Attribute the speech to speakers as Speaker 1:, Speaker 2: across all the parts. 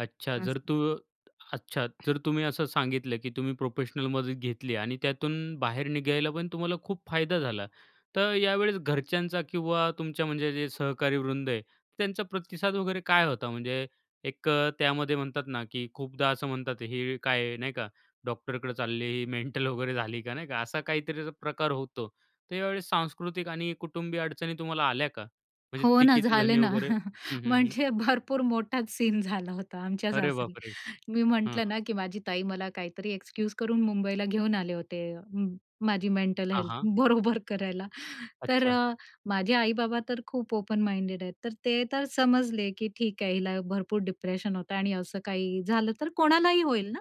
Speaker 1: अच्छा, जर
Speaker 2: असं.
Speaker 1: तू अच्छा जर तुम्ही असं सांगितलं, की तुम्ही प्रोफेशनल मदत घेतली आणि त्यातून बाहेर निघायला पण तुम्हाला खूप फायदा झाला. तर यावेळेस घरच्यांचा किंवा तुमच्या म्हणजे जे सहकारी वृंद आहे त्यांचा प्रतिसाद वगैरे काय होता म्हणजे एक अ, त्यामध्ये म्हणतात ना, की खूपदा असं म्हणतात, "हे काय नाही का डॉक्टरकडे चालली ही मेंटल वगैरे झाली का नाही का." असा काहीतरी प्रकार होतो तर यावेळी सांस्कृतिक आणि कुटुंबीय अडचणी तुम्हाला आल्या का? म्हणजे
Speaker 2: हो ना.
Speaker 1: टिकेचे
Speaker 2: झाले
Speaker 1: धनी
Speaker 2: ना.
Speaker 1: वगैरे हं, हं, हं.
Speaker 2: म्हणजे भरपूर मोठाच सीन झाला होता आमच्या
Speaker 1: अरे
Speaker 2: सासरी.
Speaker 1: बापरे!
Speaker 2: मी
Speaker 1: हं,
Speaker 2: म्हटलं
Speaker 1: हं.
Speaker 2: ना, की माझी ताई मला काहीतरी एक्सक्यूज करून मुंबईला घेऊन आले होते माझी म मेंटल
Speaker 1: हां,
Speaker 2: हेल्थ
Speaker 1: हां.
Speaker 2: बरोबर करायला तर
Speaker 1: अच्छा.
Speaker 2: माझे आई-बाबा तर खूप ओपन माइंडेड आहेत. तर ते तर समजले, की ठीक आहे हिला भरपूर डिप्रेशन होतं आणि असं काही झालं तर कोणालाही होईल ना.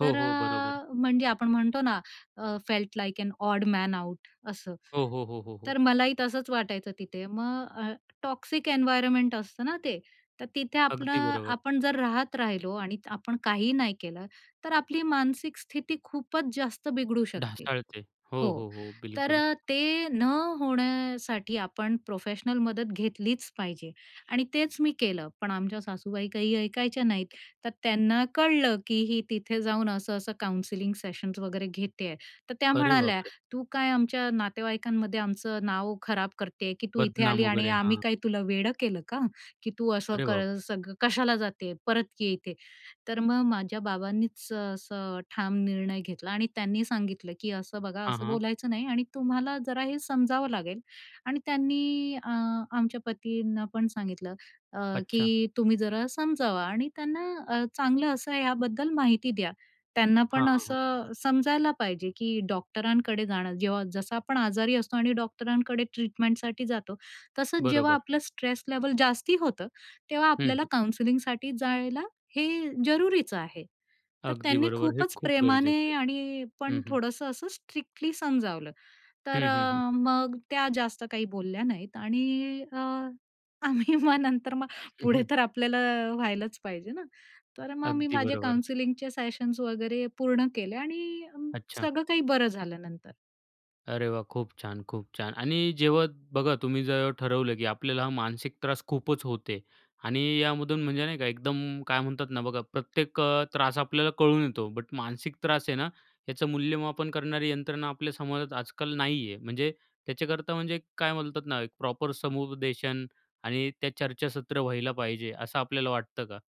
Speaker 1: हो,
Speaker 2: तर
Speaker 1: हो. बरोबर.
Speaker 2: अ, म्हणजे आपण म्हणतो ना अ felt like an odd man out असं.
Speaker 1: हो, हो, हो, हो, हो.
Speaker 2: तर मलाही तसंच वाटायचं तिथे. मग अ टॉक्सिक एन्व्हायर्नमेंट असतं ना ते. तर तिथे
Speaker 1: अगदी
Speaker 2: आपलं
Speaker 1: बरोबर.
Speaker 2: आपण जर राहत राहिलो आणि आपण काही नाही केलं, तर आपली मानसिक स्थिती खूपच जास्त बिघडू शकते.
Speaker 1: ढासाळते. हो,
Speaker 2: हो.
Speaker 1: हो, हो.
Speaker 2: तर
Speaker 1: बिलकुल.
Speaker 2: अ, ते न होण्यासाठी आपण प्रोफेशनल मदत घेतलीच पाहिजे. आणि तेच मी केलं. पण आमच्या सासूबाई काही ऐकायच्या नाहीत. तर त्यांना कळलं, की ही तिथे जाऊन असं असं काउन्सिलिंग सेशन्स वगैरे घेतेय. तर त्या
Speaker 1: अरे
Speaker 2: म्हणाल्या,
Speaker 1: बापरे!
Speaker 2: "तू काय आमच्या नातेवाईकांमध्ये आमचं नाव खराब करते, की तू इथे आली
Speaker 1: बदनाम
Speaker 2: आणि
Speaker 1: वगैरे.
Speaker 2: आम्ही
Speaker 1: हां.
Speaker 2: काय तुला वेडं केलं का? की तू असं
Speaker 1: अरे बाप!
Speaker 2: सग सगळं कशाला जाते परत ये इथे." तर मग माझ्या बाबांनीच असं ठाम निर्णय घेतला आणि त्यांनी सांगितलं, की असं बघा
Speaker 1: हां,
Speaker 2: असं
Speaker 1: हां.
Speaker 2: बोलायचं नाही आणि तुम्हाला जरा हे समजावं लागेल. आणि त्यांनी अ, आमच्या पतींना पण सांगितलं अ,
Speaker 1: अच्छा.
Speaker 2: की तुम्ही जरा समजावा आणि त्यांना अ, चांगलं असं आहे याबद्दल माहिती द्या. त्यांना
Speaker 1: हां,
Speaker 2: पण
Speaker 1: हां, हां.
Speaker 2: असं समजायला पाहिजे, की डॉक्टरांकडे जाणं जेव्हा जसं आपण आजारी असतो आणि डॉक्टरांकडे ट्रीटमेंटसाठी जातो, तसंच जेव्हा
Speaker 1: बरोबर.
Speaker 2: आपलं स्ट्रेस लेव्हल जास्ती होतं तेव्हा
Speaker 1: हं,
Speaker 2: आपल्याला
Speaker 1: हं.
Speaker 2: काउन्सलिंगसाठी जायला हे जरुरीचं आहे. तर
Speaker 1: अगदी
Speaker 2: त्यांनी
Speaker 1: बरोबर. हे
Speaker 2: खूपच
Speaker 1: खूप गरजेचं
Speaker 2: प्रेमाने आणि
Speaker 1: आहे. हं,
Speaker 2: पण
Speaker 1: हं.
Speaker 2: थोडंसं असं स्ट्रिक्टली समजावलं. तर
Speaker 1: हं, हं, हं.
Speaker 2: अ, मग त्या जास्त काही बोलल्या नाहीत आणि अ, आम्ही मग नंतर मग
Speaker 1: हं,
Speaker 2: पुढे
Speaker 1: हं.
Speaker 2: तर आपल्याला व्हायलाच पाहिजे ना. तर मग मी
Speaker 1: अगदी
Speaker 2: माझे
Speaker 1: बरोबर.
Speaker 2: काउंसलिंगचे सेशन्स वगैरे पूर्ण केले आणि
Speaker 1: अच्छा.
Speaker 2: सगळं काही बरं झालं नंतर.
Speaker 1: अरे वाह! खूप छान, खूप छान. आणि जेव्हा बघा तुम्ही जेव्हा ठरवलं, की आपल्याला हा मानसिक त्रास खूपच होते आणि यामधून म्हणजे नाही का एकदम काय म्हणतात ना, बघा प्रत्येक अ, त्रास आपल्याला कळून येतो, बट मानसिक त्रास आहे ना याचं मूल्यमापन करणारी यंत्रणा आपल्या समाजात आजकाल नाही आहे. म्हणजे त्याच्याकरता म्हणजे काय म्हणतात ना, एक प्रॉपर समुपदेशन आणि त्या चर्चासत्र व्हायला पाहिजे असं आपल्याला वाटतं का?